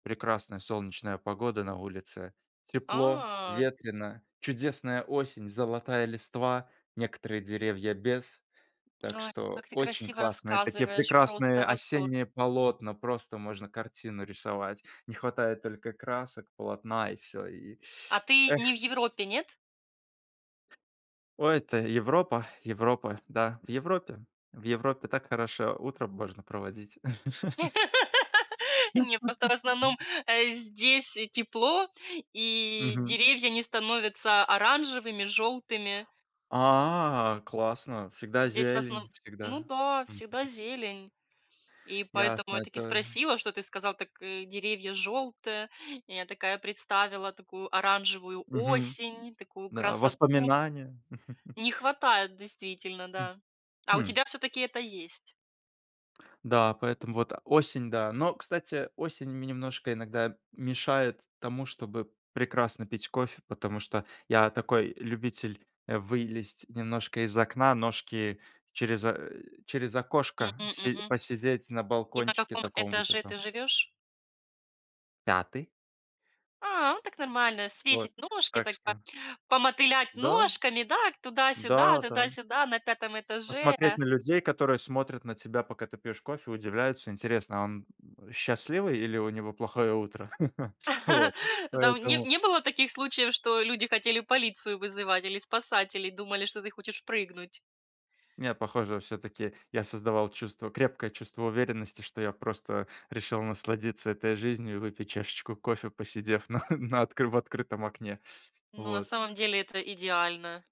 Прекрасная солнечная погода. На улице тепло, А. ветрено, чудесная осень, золотая листва, некоторые деревья без. Ой, Так что ты очень красиво классные такие, рассказываешь, прекрасные просто восторг. осенние полотна- просто можно картину рисовать, не хватает только красок, полотна и всё, и А ты не Эх. в Европе, нет? Ой, это Европа Европа, да. В Европе в Европе так хорошо утро можно проводить. Не, просто в основном, э, здесь тепло, и Мгм. деревья не становятся оранжевыми, желтыми. А, классно, всегда Здесь в основно зелень, ну всегда. да, Мгм. всегда зелень. И поэтому Ясно, я таки это спросила, что ты сказал, так деревья жёлтые. Я такая, представила такую оранжевую Мгм. осень, такую Да, красоту. воспоминания! Не хватает действительно, М, да. А у хм. тебя всё-таки это есть? Да, поэтому вот осень, да. Но, кстати, осень мне немножко иногда мешает тому, чтобы прекрасно пить кофе, потому что я такой любитель, э, вылезть немножко из окна, ножки через, э, через окошко Мгм. си Мгм. посидеть на И на балкончике каком таком вот этаже этом. ты живёшь? 5. А, ну так нормально: Вот. свесить ножки, Так так по что помотылять Да. ножками, дак, Да, туда-сюда, да. туда-сюда на 5 этаже. Посмотреть на людей, которые смотрят на тебя, пока ты пьешь кофе, удивляются: "Интересно, он счастливый или у него плохое утро?" Вот. Там не Поэтому не было таких случаев, что люди хотели полицию вызывать или спасателей, думали, что ты хочешь прыгнуть? Не, похоже, всё-таки я создавал чувство крепкое чувство уверенности, что я просто решил насладиться этой жизнью и выпить чашечку кофе, посидев на на откры в открытом окне. Ну, на Вот. самом деле это идеально.